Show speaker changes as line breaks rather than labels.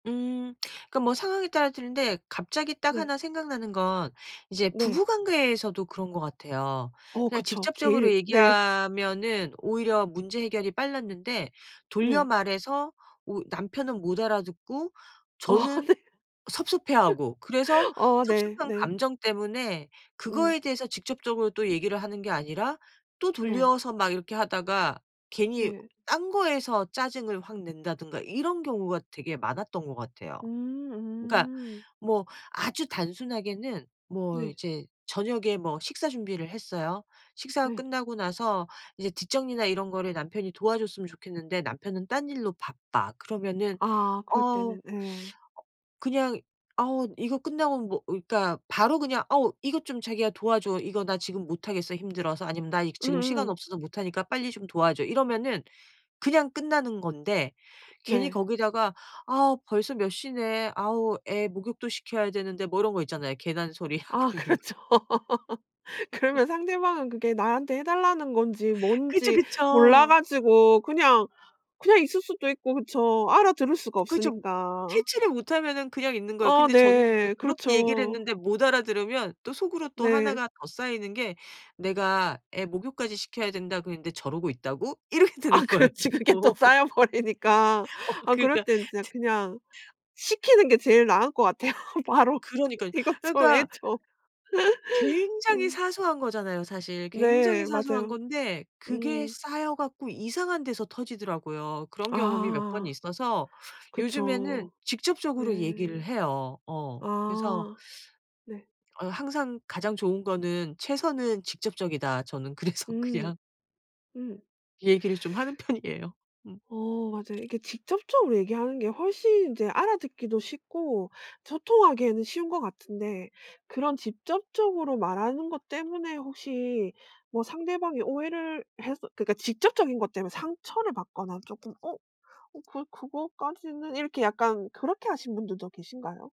음 그 뭐 상황에 따라 틀린데 갑자기 딱
네.
하나 생각나는 건 이제
네.
부부관계에서도 그런 것 같아요.
어
그냥
그쵸.
직접적으로
제일 네.
얘기하면은 오히려 문제 해결이 빨랐는데 돌려
네.
말해서 우 남편은 못 알아듣고
어
저는
네.
섭섭해하고 그래서
어
섭섭한
네네.
감정 때문에
음.
그거에 대해서 직접적으로 또 얘기를 하는 게 아니라 또
네.
돌려서 막 이렇게 하다가 괜히
네.
딴 거에서 짜증을 확 낸다든가 이런 경우가 되게 많았던 것 같아요. 그니까
음.
뭐 아주 단순하게는 뭐
네.
이제 저녁에 뭐 식사 준비를 했어요. 식사가
네.
끝나고 나서 이제 뒤 정리나 이런 거를 남편이 도와줬으면 좋겠는데 남편은 딴 일로 바빠. 그러면은
아 그럴
"어우
때는 예.
그냥 아우 이거 끝나면 뭐..." 그니까 바로 그냥 "어우 이것 좀 자기가 도와줘. 이거 나 지금 못하겠어 힘들어서." 아니면 "나 이 지금 시간
음.
없어서 못 하니까 빨리 좀 도와줘." 이러면은 그냥 끝나는 건데 괜히
네.
거기다가 "아 벌써 몇 시네 아우 애 목욕도 시켜야 되는데." 뭐 이런 거 있잖아요. 괜한 소리 하고
아
있는 거.
그렇죠. 그러면 상대방은 그게 나한테 해달라는 건지
그쵸,
뭔지 몰라
그쵸.
가지고 그냥, 그냥 있을 수도 있고 그쵸. 알아들을 수가
그쵸.
없으니까.
Catch를 못하면은 그냥 있는 거예요.
아
근데 저는 이제
네
그렇게 얘기를
그렇죠.
했는데 못 알아들으면 또 속으로 또
네.
하나가 더 쌓이는 게 '내가 애 목욕까지 시켜야 된다 그랬는데 저러고 있다고?' 이렇게
아
되는 거예요.
그렇지. 그게 또 쌓여버리니까.
어
아 그럴
그니까
땐 진짜 그냥 시키는 게 제일 나을 것 같아요. 바로
그러니까요.
"이것 좀
그러니까
해줘."
굉장히
음.
사소한 거잖아요 사실. 굉장히
네
사소한
맞아요.
건데 그게
음.
쌓여 갖고 이상한 데서 터지더라고요. 그런 경험이 몇 번
아.
있어서 요즘에는
그쵸. 네.
직접적으로 얘기를 해요. 어 그래서
아. 네.
어 항상 가장 좋은 거는 최선은 직접적이다. 저는 그래서
음.
그냥
음.
얘기를 좀 하는 편이에요. 음.
어 맞아요. 이게 직접적으로 얘기하는 게 훨씬 인제 알아듣기도 쉽고 소통하기에는 쉬운 것 같은데 그런 직접적으로 말하는 것 때문에 혹시 뭐 상대방이 오해를 해서 그니까 직접적인 것 때문에 상처를 받거나 쪼끔 어 어 그 그거까지는 이렇게 약간 그렇게 하신 분들도 계신가요?